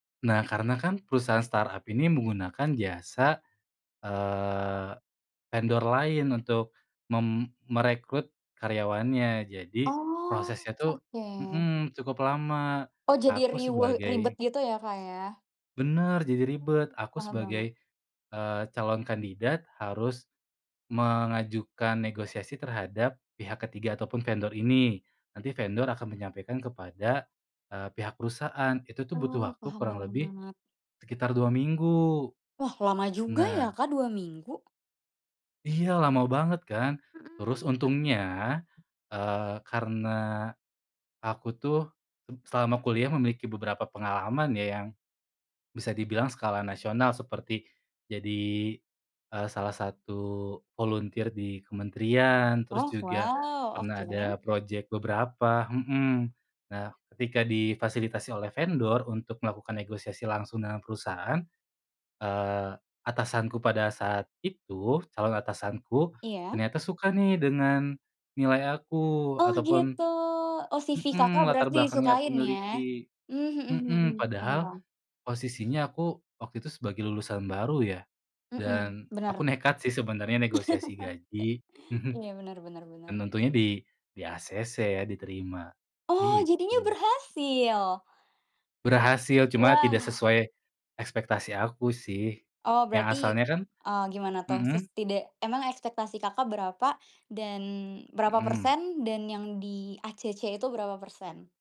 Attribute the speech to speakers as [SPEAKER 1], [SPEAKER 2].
[SPEAKER 1] Nah, karena kan perusahaan startup ini menggunakan jasa, eee, vendor lain untuk mem merekrut karyawannya jadi
[SPEAKER 2] Oh,
[SPEAKER 1] prosesnya tuh
[SPEAKER 2] oke.
[SPEAKER 1] mhm, cukup lama
[SPEAKER 2] Oh, jadi
[SPEAKER 1] aku
[SPEAKER 2] riweuh ribet
[SPEAKER 1] sebagai
[SPEAKER 2] gitu ya, Kak, ya?
[SPEAKER 1] Benar, jadi ribet
[SPEAKER 2] Mmm,
[SPEAKER 1] aku
[SPEAKER 2] paham paham.
[SPEAKER 1] sebagai, eee, calon kandidat harus mengajukan negosiasi terhadap pihak ke-3 ataupun vendor ini. Nanti vendor akan menyampaikan kepada, eee, pihak perusahaan itu butuh
[SPEAKER 2] Oh,
[SPEAKER 1] waktu
[SPEAKER 2] paham
[SPEAKER 1] kurang lebih
[SPEAKER 2] banget.
[SPEAKER 1] sekitar 2 minggu.
[SPEAKER 2] Wah, lama juga
[SPEAKER 1] Nah
[SPEAKER 2] ya, Kak, 2 minggu?
[SPEAKER 1] Iya lama banget kan?
[SPEAKER 2] Mhm
[SPEAKER 1] Terus
[SPEAKER 2] mhm.
[SPEAKER 1] untungnya, eee, karena aku tuh selama kuliah memiliki beberapa pengalaman ya, yang bisa dibilang skala nasional seperti jadi, eee, salah satu volunteer di kementerian, terus
[SPEAKER 2] Oh,
[SPEAKER 1] juga
[SPEAKER 2] wow
[SPEAKER 1] pernah ada
[SPEAKER 2] oke.
[SPEAKER 1] project beberapa mhm, nah ketika difasilitasi oleh vendor untuk melakukan negosiasi langsung dengan perusahaan, eee, atasanku pada saat itu, calon atasanku
[SPEAKER 2] Iya?
[SPEAKER 1] ternyata suka nih dengan nilai aku
[SPEAKER 2] Oh
[SPEAKER 1] ataupun
[SPEAKER 2] gitu, oh CV Kakak,
[SPEAKER 1] mhm, latar
[SPEAKER 2] berarti
[SPEAKER 1] belakang yang aku
[SPEAKER 2] disukain ya?
[SPEAKER 1] miliki
[SPEAKER 2] Mmm, mhm mhm
[SPEAKER 1] mhm,
[SPEAKER 2] hmm, paham
[SPEAKER 1] padahal
[SPEAKER 2] paham.
[SPEAKER 1] posisinya aku waktu itu sebagai lulusan baru ya
[SPEAKER 2] Mhm,
[SPEAKER 1] dan aku
[SPEAKER 2] bener.
[SPEAKER 1] nekat sih sebenarnya negosiasi gaji mhm,
[SPEAKER 2] Iya, bener bener
[SPEAKER 1] dan
[SPEAKER 2] bener.
[SPEAKER 1] tentunya di di-ACC ya diterima,
[SPEAKER 2] Oh, jadinya
[SPEAKER 1] gitu.
[SPEAKER 2] berhasil?
[SPEAKER 1] Berhasil cuma tidak
[SPEAKER 2] Wah!
[SPEAKER 1] sesuai, ekspektasi aku sih
[SPEAKER 2] Oh
[SPEAKER 1] yang
[SPEAKER 2] berarti,
[SPEAKER 1] asalnya kan
[SPEAKER 2] eee, gimana tuh ses
[SPEAKER 1] mhm?
[SPEAKER 2] tida emang ekspektasi, Kakak, berapa dan berapa
[SPEAKER 1] Mhm.
[SPEAKER 2] persen dan yang di-ACC itu berapa persen?